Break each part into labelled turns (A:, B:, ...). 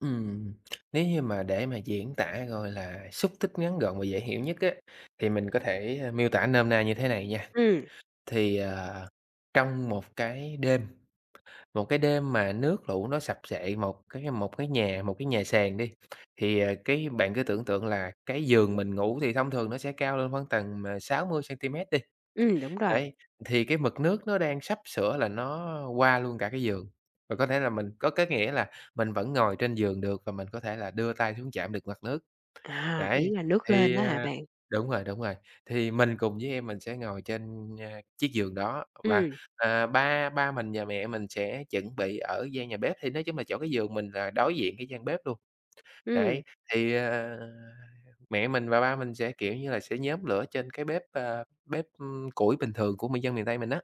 A: Ừm, nếu như mà để mà diễn tả, gọi là, xúc tích ngắn gọn và dễ hiểu nhất á, thì mình có thể, a, miêu tả nôm na như thế này nha.
B: Ừm.
A: Thì, à, trong một cái đêm một cái đêm mà nước lũ nó sập xệ một cái một cái nhà một cái nhà sàn đi, thì, à, cái bạn cứ tưởng tượng là cái giường mình ngủ thì thông thường nó sẽ cao lên khoảng tầm, ờ, 60 centimet đi.
B: Ừm, đúng rồi.
A: Đấy, thì cái mực nước nó đang sắp sửa là nó qua luôn cả cái giường, và có thể là mình có cái nghĩa là mình vẫn ngồi trên giường được và mình có thể là đưa tay xuống chạm được mặt nước.
B: À, ý
A: Đấy,
B: là nước lên
A: thì,
B: á hả
A: à,
B: bạn?
A: đúng rồi, đúng rồi, thì mình cùng với em mình sẽ ngồi trên, a, chiếc giường đó, và,
B: Ừm.
A: à, ba ba mình và mẹ mình sẽ chuẩn bị ở gian nhà bếp, thì nói chung là chỗ cái giường mình là đối diện cái gian bếp luôn. Đấy,
B: Ừm.
A: thì, à, mẹ mình và ba mình sẽ, kiểu như là, sẽ nhóm lửa trên cái bếp, ờ, bếp, ừm, củi bình thường của miền dân miền Tây mình á.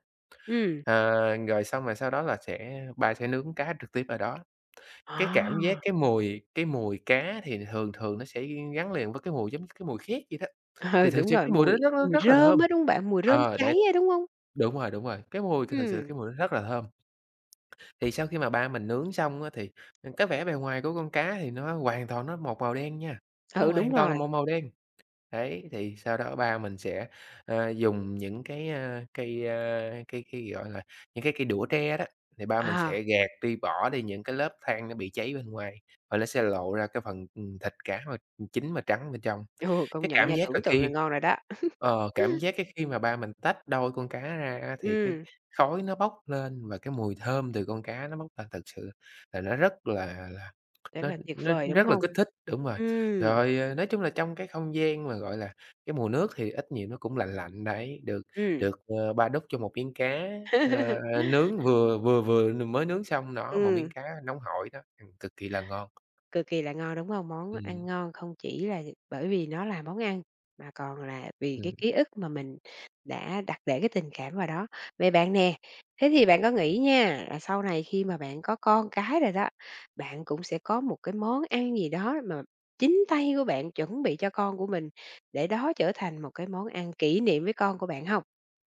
B: Ừm.
A: Ờ, rồi xong rồi sau đó là sẽ ba sẽ nướng cá trực tiếp ở đó. Cái cảm giác
B: À.
A: cái mùi cái mùi cá thì thường thường nó sẽ gắn liền với cái mùi giống cái mùi khét vậy đó, thì
B: Ờ,
A: thực
B: đúng
A: sự
B: rồi,
A: cái mùi đó
B: mùi
A: rất rất
B: mùi
A: rất là
B: rơm
A: thơm.
B: á, đúng hông bạn? Mùi rơm
A: Ờ, đấy,
B: cháy á, đúng hông?
A: đúng rồi, đúng rồi, cái mùi thì thực sự
B: Ừm.
A: cái mùi đó rất là thơm. Thì sau khi mà ba mình nướng xong á thì cái vẻ bề ngoài của con cá thì nó hoàn toàn nó một màu đen nha, nó
B: Ừ, đúng
A: hoàn toàn là
B: rồi.
A: một màu đen. Đấy, thì sau đó ba mình sẽ, a, dùng những cái, a, cây, ơ, cây cây, gọi là, những cái cây đũa tre đó, thì ba mình
B: À.
A: sẽ gạt đi, bỏ đi những cái lớp than nó bị cháy bên ngoài, và nó sẽ lộ ra cái phần, ừ, thịt cá mà chín mà trắng bên trong.
B: Ừ, công
A: Cái
B: nhận
A: cảm
B: nha,
A: giác là
B: tưởng tượng là
A: khi
B: ngon rồi đó.
A: ờ, cảm giác cái khi mà ba mình tách đôi con cá ra á thì cái
B: Ừm.
A: khói nó bốc lên và cái mùi thơm từ con cá nó bốc ra thật sự là nó rất là là c
B: Rất
A: nó
B: là tuyệt
A: nó
B: vời, đúng
A: rất là
B: hông?
A: kích thích. Đúng rồi,
B: Ừm.
A: rồi, ờ, nói chung là trong cái không gian mà, gọi là, cái mùi nước thì ít nhiều nó cũng lạnh lạnh đấy, được
B: Ừm.
A: được, ờ, ba đút cho một miếng cá, a, ờ, nướng vừa vừa vừa n mới nướng xong đó, một miếng
B: Ừm.
A: cá nóng hổi đó, cực kỳ là ngon.
B: Cực kỳ là ngon, đúng hông? Món ăn
A: Ừm.
B: ngon không chỉ là bởi vì nó là món ăn, mà còn là vì cái
A: Ừ.
B: ký ức mà mình đã đặt để cái tình cảm vào đó. Vậy bạn nè, thế thì bạn có nghĩ nha, là sau này khi mà bạn có con cái rồi đó, bạn cũng sẽ có một cái món ăn gì đó mà chính tay của bạn chuẩn bị cho con của mình để đó trở thành một cái món ăn kỷ niệm với con của bạn hông?